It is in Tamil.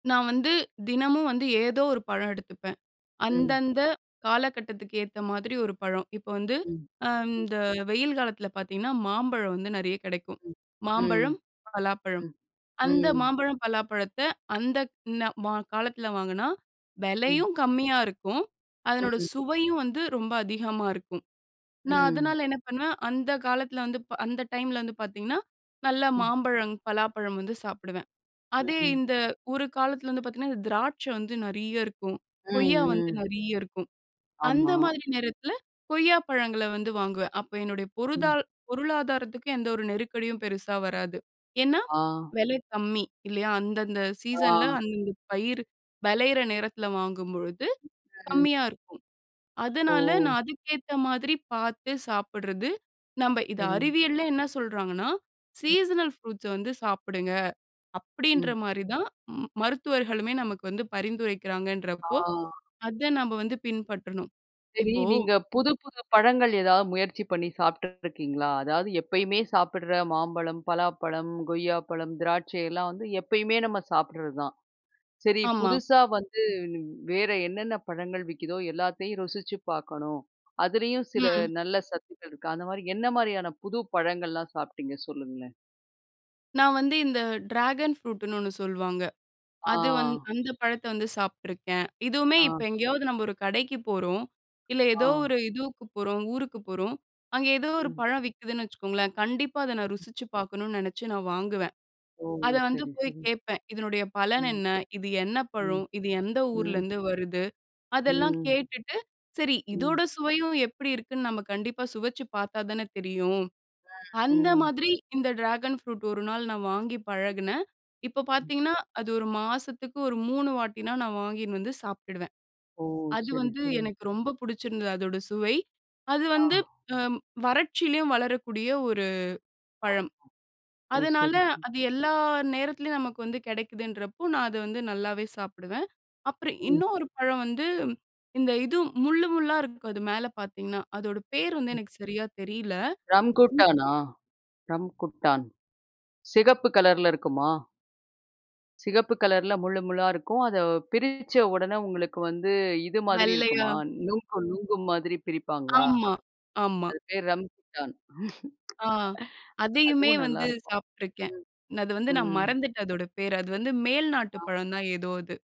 நா வந்து தினமும் வந்து ஏதோ ஒரு பழம் எடுத்துப்பேன். ம். அந்தந்த காலகட்டத்துக்கு ஏத்த மாதிரி ஒரு பழம். இப்போ வந்து, ம். ம். அந்த வெயில் காலத்தில பார்த்தீங்கன்னா, மாம்பழம் வந்து நெறைய கெடைக்கும். ம். ம். மாம்பழம், பலாப்பழம். ம். அந்த ம். மாம்பழம், பலாப்பழத்த அந்தக் ந ம காலத்தில வாங்குனா, ம். வெலையும் கம்மியா இருக்கும். அதனோட ம். சுவையும் வந்து ரொம்ப அதிகமா இருக்கும். நா ம். அதனால என்ன பண்ணுவேன்? அந்த காலத்தில வந்து ப் அந்த டைமில வந்து பார்த்தீங்கன்னா, நல்ல ம். மாம்பழம், பலாப்பழம் வந்து சாப்பிடுவேன். ம். அதே ம். இந்த ஒரு காலத்தில வந்து பார்த்தீங்கன்னா, இது திராட்சை வந்து நெறைய இருக்கும். கொய்யா ம். வந்து ம். நெறைய இருக்கும். ஆமா. அந்த மாதிரி நேரத்தில கொய்யா பழங்கள வந்து வாங்குவேன். அப்ப என்னுடைய ம். பொருதால் பொருளாதாரத்துக்கு எந்த ஒரு நெருக்கடியும் பெருசா ம். வராது. ஏன்னா, ஆ. வெலை கம்மி. இல்லையா? அந்தந்த சீசன்ல ஆ. அந்தந்த பயிரு வெளையிற நேரத்தில வாங்கும்பொழுது ம், ம். கம்மியா இருக்கும். ஓ! அதனால நா அதுக்கேத்த மாதிரி பார்த்து சாப்பிட்றது. நம்ப இத சரி. அறிவியல்ல என்ன சொல்றாங்கன்னா, ம். "சீசனல் ப்ரூட்ஸ வந்து சாப்புடுங்க." அப்படீன்ற ம். மாரி தான் ம் மருத்துவர்களுமே நமக்கு வந்து பரிந்துரைக்கிறாங்கன்றப்போ, ஆ. அத நம்ப வந்து பின்பற்றணும். சரி. இப்போ நீங்க புது புது பழங்கள் ஏதாவது முயற்சி பண்ணி சாப்பிட்டுட்ருக்கீங்களா? அதாவது எப்பயுமே சாப்பிடுற மாம்பழம், பலாப்பழம், கொய்யாப்பழம், திராட்சை எல்லாம் வந்து எப்பயுமே நம்ம சாப்பிடுறது தான். "சரி, ஆமா. புதுசா வந்து வேற என்னென்ன பழங்கள் விக்குதோ, எல்லாத்தையும் ருசிச்சு பார்க்கணும். அதுலயும் சில ம். அ. நல்ல சத்துக்கள் இருக்கு." அந்த மாரி, என்ன மாரியான புது பழங்கள்லாம் சாப்பிட்டீங்க? சொல்லுங்களேன். நா வந்து, இந்த டிராகன் ஃப்ரூட்டுன்னு ஒண்ணு சொல்வாங்க. அது வந் ஆ. அந்த பழத்த வந்து சாப்ட்டுருக்கேன். இதுவுமே, ஆ. இப்ப எங்கேயாவது நம்ப ஒரு கடைக்கு போறோம், இல்ல ஏதோ ஆ. ஒரு இதுவுக்கு போறோம். ஊருக்கு போறோம். அங்கே ஏதோ ஒரு ம். பழம் விக்குதுன்னு வச்சுக்கோங்களேன். கண்டிப்பா, அதை நா ம். ருசிச்சு பார்க்கணும்ன்னு நெனைச்சு நா வாங்குவேன். ஓ! அத வந்து சரி, போய் சரி. கேட்பேன். "இதனுடைய பலன் ம். என்ன? இது என்ன ம். பழம்? இது எந்த ம். ஊர்லேருந்து வருது?" அதெல்லாம் ம். கேட்டுட்டு, சரி ம். இதோட சுவையும் எப்படி இருக்குன்னு, நம்ம கண்டிப்பா சுவைச்சு பார்த்தா தான தெரியும். அ. அந்த ம். மாதிரி, இந்த டிராகன் ஃப்ரூட் 1 நாள் நா வாங்கி ம். பழகுனேன். இப்போ ம். பார்த்தீங்கன்னா, அது 1 மாசத்துக்கு ஒரு 3 வாட்டினா, நா வாங்கின்னு வந்து சாப்ட்டுடுவேன். ஓ! அது சரி, வந்து சரி. எனக்கு ரொம்ப புடிச்சிருந்தது, அதோட சுவை. அது ஆ. வந்து அ வறட்சியிலேயும் வளரக்கூடிய ஒரு [unintelligible] பழம். ஓ! அதனால, சரி. அது எல்லா நேரத்திலேயும் நமக்கு வந்து கெடைக்குதுன்றப்போ, நா அத வந்து நல்லாவே சாப்பிடுவேன். அப்புறம் ம். இன்னொரு பழம் வந்து, இந்த இது முள்ளு முள்ளா இருக்கும் அது மேல பார்த்தீங்கன்னா, அதோட பெயர் வந்து ம். எனக்கு சரியா தெரில. ம். ரம்குட்டானா? ரம்குட்டான். சிகப்பு கலர்ல இருக்குமா? சிகப்பு கலர்ல முள்ளு முள்ளா இருக்கும். அதை பிரிச்ச உடனே உங்களுக்கு வந்து இது மாதிரி வெள்ளையா. இருக்குமா? நுங்கு, நுங்கு மாதிரி பிரிப்பாங்களா? ஆமா, ஆமா. அது பேரு ரம்குட்டான். ஆ அதையுமே அதுவும் நல்லா வந்து இருக்கும். சாப்ட்டுருக்கேன். ம். நா அது வந்து நா ம். மறந்துட்டேன், அதோட பேர. அது வந்து மேல்நாட்டு ஆம். பழம் தான், ஏதோ அது.